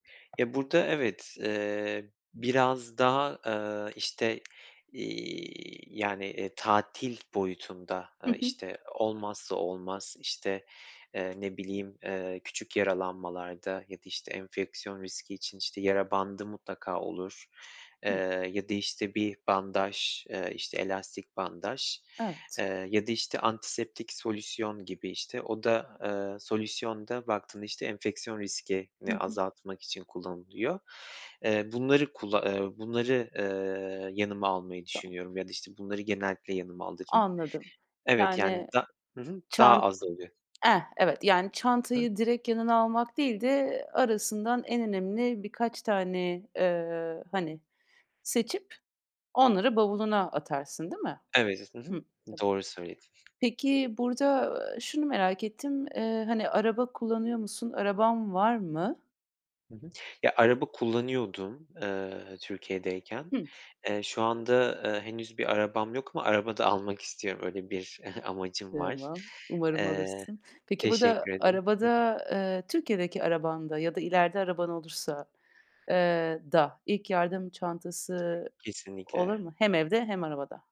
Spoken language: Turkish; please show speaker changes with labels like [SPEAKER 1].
[SPEAKER 1] Ya, burada evet, eee, biraz daha, eee, işte, iii, yani, eee, tatil boyutunda,
[SPEAKER 2] Hı
[SPEAKER 1] eee,
[SPEAKER 2] hı.
[SPEAKER 1] işte, olmazsa olmaz, işte, eee, ne bileyim, eee, küçük yaralanmalarda ya da işte enfeksiyon riski için işte yara bandı mutlaka olur,
[SPEAKER 2] Hıı.
[SPEAKER 1] eee, ya da, işte, bir bandaj, eee, işte elastik bandaj,
[SPEAKER 2] Evet.
[SPEAKER 1] eee, ya da, işte, antiseptik solüsyon gibi, işte o da, eee, solüsyonda baktığında işte enfeksiyon
[SPEAKER 2] Hı
[SPEAKER 1] riskini
[SPEAKER 2] hı.
[SPEAKER 1] azaltmak için kullanılıyor. Eee, bunları kulla ııı, bunları, eee, yanıma almayı
[SPEAKER 2] Tamam.
[SPEAKER 1] düşünüyorum ya da işte bunları genellikle yanıma alırım.
[SPEAKER 2] Anladım.
[SPEAKER 1] Evet, yani,
[SPEAKER 2] Yani,
[SPEAKER 1] da hı hı, daha
[SPEAKER 2] çan
[SPEAKER 1] az oluyor.
[SPEAKER 2] eh, evet, yani,
[SPEAKER 1] Hıı.
[SPEAKER 2] çantayı direkt yanına almak değil de arasından en önemli birkaç tane, eee, hani seçip onları bavuluna atarsın, değil mi?
[SPEAKER 1] Evet, hı hı,
[SPEAKER 2] Hıı.
[SPEAKER 1] doğru söyledin.
[SPEAKER 2] Peki, burada, eee, şunu merak ettim, eee, hani, araba kullanıyor musun, araban var mı?
[SPEAKER 1] Hı hı. Ya, araba kullanıyordum, eee, Türkiye'deyken.
[SPEAKER 2] Hıı.
[SPEAKER 1] Eee, şu anda, eee, henüz bir arabam yok ama araba da almak istiyorum, öyle bir amacım var.
[SPEAKER 2] Tamam, umarım
[SPEAKER 1] Eee,
[SPEAKER 2] alırsın. Peki, burada
[SPEAKER 1] teşekkür ederim.
[SPEAKER 2] arabada, eee, Türkiye'deki arabanda ya da ileride araban olursa eee, da ilk yardım çantası olur
[SPEAKER 1] Kesinlikle.
[SPEAKER 2] mu? Hem evde, hem arabada?